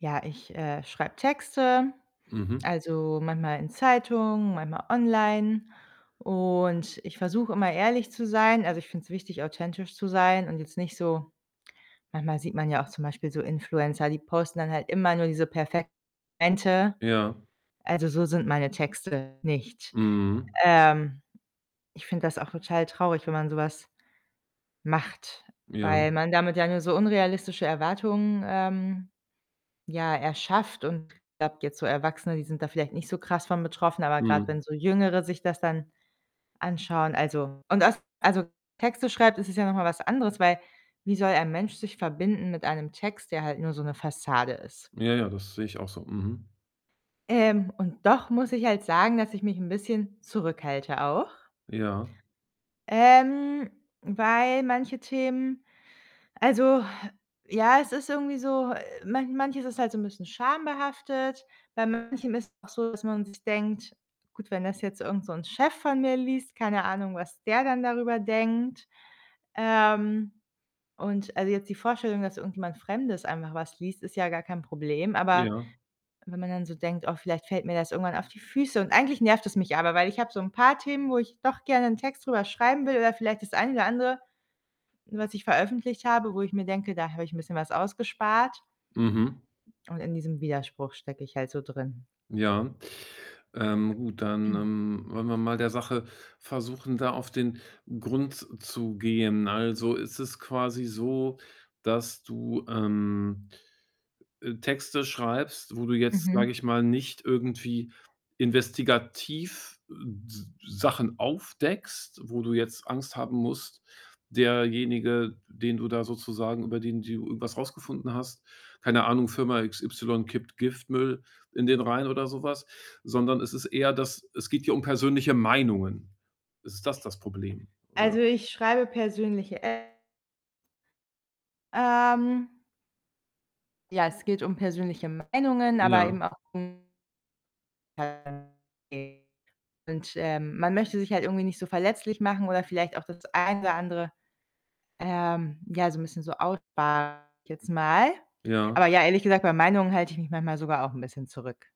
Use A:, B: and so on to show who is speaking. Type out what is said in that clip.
A: Ja, ich, äh, schreibe Texte,
B: Mhm.
A: also, manchmal in Zeitungen, manchmal online, und ich versuche immer ehrlich zu sein. Also, ich finde es wichtig, authentisch zu sein und jetzt nicht so Manchmal sieht man ja auch zum Beispiel so Influencer, die posten dann halt immer nur diese perfekten Momente.
B: Ja.
A: Also, so sind meine Texte nicht.
B: Mhm.
A: Ähm, ich finde das auch total traurig, wenn man so was macht,
B: Ja.
A: weil man damit ja nur so unrealistische Erwartungen, ähm, ja, erschafft. Und ich glaube jetzt so Erwachsene, die sind da vielleicht nicht so krass von betroffen, aber grad
B: Mhm.
A: wenn so Jüngere sich das dann anschauen, also und aus also, Texte schreibt, ist es ja noch mal was anderes, weil wie soll ein Mensch sich verbinden mit einem Text, der halt nur so 'ne Fassade ist?
B: Ja, ja, das sehe ich auch so, mhm.
A: Ähm, und doch muss ich halt sagen, dass ich mich 'n bisschen zurückhalte auch.
B: Ja.
A: Ähm, weil manche Themen Also, ja, es ist irgendwie so, manch manches ist halt so 'n bisschen schambehaftet. Bei manchem ist es auch so, dass man sich denkt: „Gut, wenn das jetzt irgend so 'n Chef von mir liest, keine Ahnung, was der dann darüber denkt?“ Ähm, und also, jetzt die Vorstellung, dass irgendjemand Fremdes einfach was liest, ist ja gar kein Problem, aber
B: Ja.
A: wenn man dann so denkt: „Oh, vielleicht fällt mir das irgendwann auf die Füße.“ Und eigentlich nervt es mich aber, weil ich habe so 'n paar Themen, wo ich doch gerne 'n Text drüber schreiben will oder vielleicht das eine oder andere, was ich veröffentlicht habe, wo ich mir denke, da habe ich 'n bisschen was ausgespart.
B: Mhm.
A: Und in diesem Widerspruch stecke ich halt so drin.
B: Ja. Ähm, gut, dann, ähm, wollen wir mal der Sache versuchen, da auf den Grund zu gehen. Also, ist es quasi so, dass du, ähm, äh, Texte schreibst, wo du jetzt, sage
A: Mhm.
B: ich mal, nicht irgendwie investigativ Sachen aufdeckst, wo du jetzt Angst haben musst, derjenige, den du da sozusagen über den du irgendwas rausgefunden hast, keine Ahnung, „Firma XY kippt Giftmüll in den Rhein“ oder so was, sondern es ist eher, dass es geht hier um persönliche Meinungen. Ist es das das Problem, oder?
A: Also, ich schreibe persönliche, äh Ähm ja, es geht um persönliche Meinungen, aber
B: Ja.
A: eben auch um [unintelligible] Und, ähm, man möchte sich halt irgendwie nicht so verletzlich machen oder vielleicht auch das eine oder andere, ähm, ja, so 'n bisschen so aussparen, sage ich jetzt mal.
B: Ja.
A: Aber ja, ehrlich gesagt, bei Meinungen halte ich mich manchmal sogar auch 'n bisschen zurück.